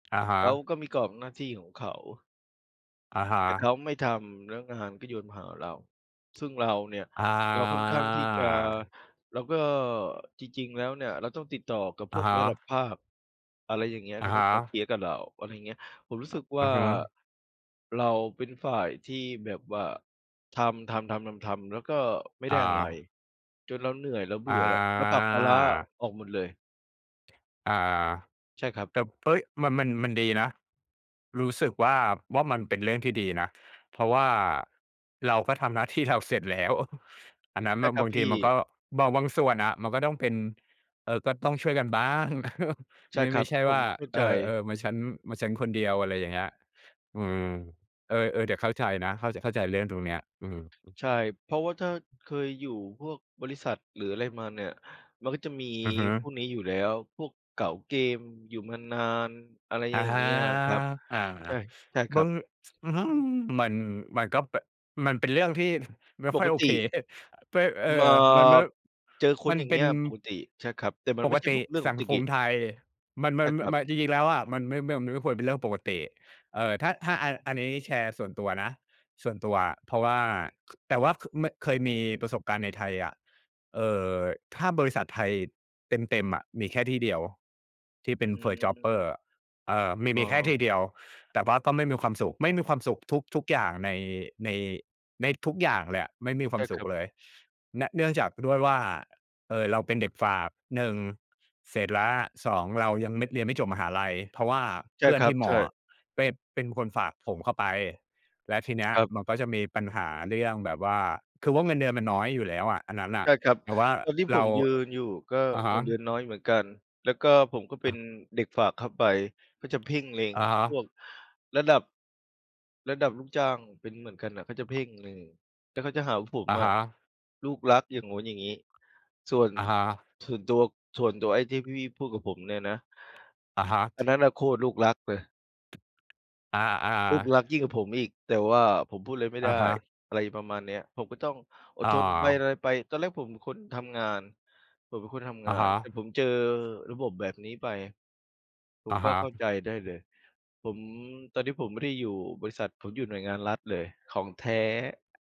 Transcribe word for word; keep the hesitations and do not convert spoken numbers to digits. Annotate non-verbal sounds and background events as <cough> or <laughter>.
อะฮเขาะ ก็มีกรอบหน้าที่ของเขา อะฮแต่เขาะ ไม่ทำ แล้วงานก็โยนมาหาเรา ซึ่งเราเนี่ย อา เราค่อนข้างที่จะ แล้วก็จริง ๆ แล้วเนี่ยเราต้องติดต่อกับอพะวกฮระดับะ ภาค อะไรอย่างเงี้ย อเขะาฮก็ะ จะเคลียร์กับเรา อะไรอย่างเงี้ย ผมรู้สอ ึกวอ่า ะฮะ เราเป็นฝ่ายที่แบบว่าทำ ๆ ๆ ๆ ๆ แล้วก็ไม่ไดอ้อะไร า จนเราเหนื่อย เราเบือ่อแล้ว เราผลักภาระอะา ออกหมดเลย อา ใช่ครับ แต่ เอ๊ย มัน มัน มันดีนะ รู้สึกว่า ว่ามันเป็นเรื่องที่ดีนะ เพราะว่าเราก็ทำหน้าที่เราเสร็จแล้ว <chuckles> อันนั้นใชม่ัน ครับบางพทีีมันก่ ็ บาง บางส่วนอะ มันก็ต้องเป็น เออ ก็ต้องช่วยกันบ้าง <chuckles> ใชไม่่ คไรมั่บ ใช่ผว่มา เข้าเใอจ อ ๆ เหมือนฉัน เหมือนฉันคนเดียว อะไรอย่างเงี้ย อืม เออ ๆ เดี๋ยวเข้าใจนะ เข้าใจ เข้าใจเรื่องตรงนี้ เออ ใช่ เพราะว่าถ้าๆ เคยอยู่พวกบริษัท หรืออะไรมาเนี่ย มันก็จะมีอือฮึ พวกนี้อยู่แล้ว พวกเก๋าเกมอยู่มานาน อะไรออะย่างฮเงะ ี้ยอะครับ อา ใช่ ใช่คมรัับ น อือฮึ มัน มันก็แบบ มันเป็นเรื่องที่ ไม่ปค่อยโอกตเค ิ <chuckles> ป เออ มา มันไม่ เจอคมนันอย่างเปเง็ี้น ยปกติ ใช่ครับ แต่มันปไม่กใช่ตพิวกเรื่องปสักงติคกมิ ไทย มัน มใชั่น ม ครับ มัน จริง ๆ แล้วอะมันไม่ ม มันไม่ควรเป็นเรื่องปกติ เอ่อ ถ้า ถ้าอัน อันนี้แชร์ส่วนตัวนะ ส่วนตัว เพราะว่า ค แต่ว่า ค ม เคยมีประสบการณ์ในไทยอะ เอ่อ ถ้าบริษัทไทยเต็ม ๆ อะ มีแค่ที่เดียว ที่อเป็น First ืJobber ม เอ่อ มี อ๋มีแค่อ ทีเดียว แต่ว่าก็ไม่มีความสุข ไม่มีความสุขทุก ๆ อย่างใน ใน ในทุกอย่างเลยอะ ไม่มีคใวชา่มสคุรัขบ เลย น เนื่องจากด้วยว่า เอ่อ เราเป็นเด็กฝาก หนึ่ง เสร็จแล้ว สอง เรายังไม่ เรียนไม่จบมหาลัย เพราะว่าใชเพ่ื่อคนรัทีบ ่มใชออ่ ะไป เป็นคนฝากผมเข้าไป แล้วทีเนี้คยรับ มันก็จะมีปัญหาเรื่องแบบว่า คือว่าเงินเดือนมันน้อยอยู่แล้วอะอันนั้นน่ใชะ ่ครับ แต่ว่าตอนที่เผรา มยืนอยู่ก็อ อะฮเงิะ นเดือนน้อยเหมือนกัน แล้วก็ผมก็เป็อา นเด็กฝากเข้าไป ก็จะเพ่งเล็งอะฮะ พวกระดับ ระดับลูกจ้าง เป็นเหมือนกันน่ะเขาจะเพ่งเลย แล้วเขาจะหาว่าผมอะอฮะะ ลูกรัก อย่างงู้น อย่างงี้ ส่วน อะฮะ ส่วนตัว ส่วนตัวไอ้ที่พี่ ๆ พูดกับผมเนี่ยนะ อะฮะ อันนั้นน่ะโคตรลูกรักเลย อา ๆ ลูกรักยิ่งกว่าผมอีก แต่ว่าผมพูดไรไม่ไอดะ้ ฮะ อะไรประมาณเนี้ย ผมก็ต้องอดอ๋ทนไป ออ ะไรไป ตอนแรกผมเป็นคนทำงาน ผมเป็นคนทำงอาะฮน ะ แต่ผมเจอระบบแบบนี้ไป ผอมะก็ฮะ เข้าใจได้เลย ผม ตอนนี้ผมไม่ได้อยู่บริษัท ผมอยู่หน่วยงานรัฐเลย ของแท้